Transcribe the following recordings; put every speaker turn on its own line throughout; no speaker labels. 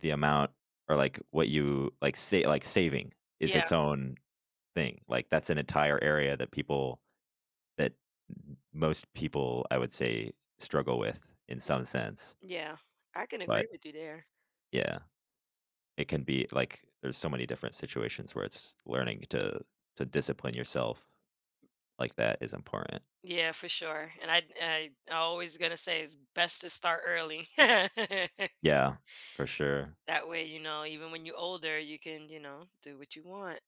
The amount or, like, what you like, say like, saving is its
Yeah.
own thing, like, that's an entire area that people that m most people, I would say, struggle with, in some sense.
Yeah, I can agree
But
with you there.
Yeah. It can be like, there's so many different situations where it's learning to to discipline yourself, like that is important.
Yeah, for sure, and I'd and I I always gonna say it's best to start early.
Yeah, for sure.
That way, you know, even when you older, you can, you know, do what you want,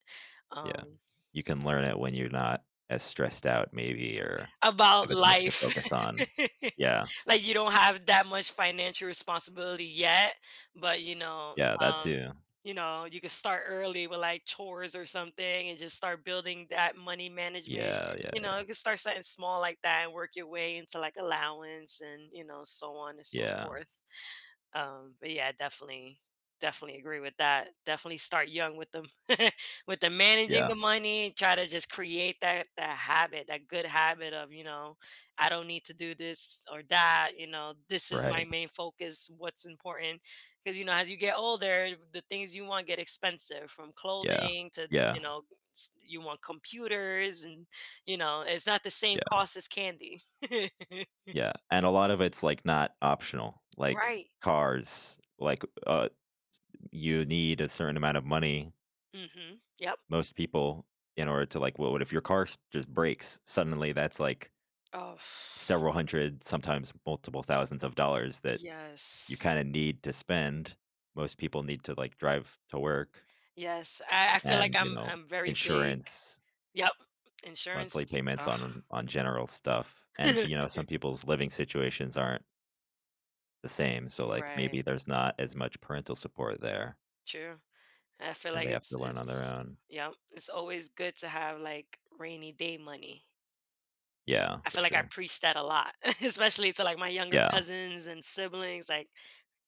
Yeah,
um
you can learn it when you're not as stressed out maybe or
About
have as much to
life!
focus on. Yeah.
Like, you don't have that much financial responsibility yet, but you know
Yeah, that
Um,
too.
you know, you could start early with, like, chores or something and just start building that money management,
Yeah, yeah,
you know,
yeah.
it could start something small like that and work your way into, like, allowance and, you know, so on and so
Yeah.
forth. Um, but, yeah, definitely definitely agree with that, definitely start young with 'em, with 'em managing the
Yeah.
money and try to just create that that habit, that good habit of, you know, "I don't need to do this or that," you know, "This is my
Right.
main focus, what's important." 'Cause, you know, as you get older, the things you want get expensive from
Yeah,
clothing to you
yeah.
know, s you want computers, and, you know, it's not the same
Yeah.
cost as candy.
Yeah, and a lot of it's, like, not optional, like,
Right.
cars, like, uh, s you need a certain amount of money.
Mhm, yep.
Most people, in order to, like Well, what if your car s just breaks? Suddenly, that's, like
Oh.
several hundred, sometimes multiple thousands of dollars that you
Yes.
kinda need to spend. Most people need to, like, drive to work
Yes, I I feel like
and, you
I'm
know,
I'm very big
insurance
Yep,
monthly
insurance,
payments
ugh.
on on general stuff, and, you know, some people's living situations aren't the same, so, like,
Right.
maybe there's not as much parental support there
True, and I feel
and
like
they have
it's
to learn on their
it's
own.
Yep, it's always good to have, like, rainy-day money.
Yeah,
I
for
feel like I
sure.
preach that a lot, especially to, like, my younger
Yeah.
cousins and siblings, like,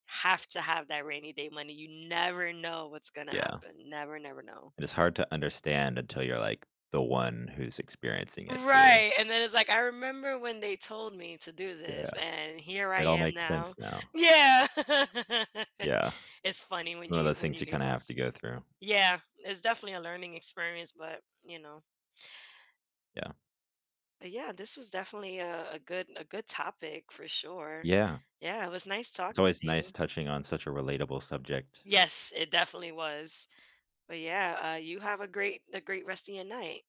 "Have to have that rainy day money, you never know what's gonna
Yeah.
happen. Never, never know."
And it's hard to understand until you're, like, the one who's experiencing it too.
Right, and then it's like, "I remember when they told me to do
Yeah.
this, and here I
It all
am
makes sense
now"
now.
Yeah!
Yeah.
It's funny when
One of
you
those
when
things
you
you
hear
kinda have to
those
go through.
Yeah, it's definitely a learning experience, but you know.
Yeah.
Uh, yeah, this was definitely a a good a good topic for sure.
Yeah.
Yeah, it was nice
It's
talking
always
to
nice
you.
touching on such a relatable subject.
Yes, it definitely was. But, yeah, uh, you have a great a great rest a your night.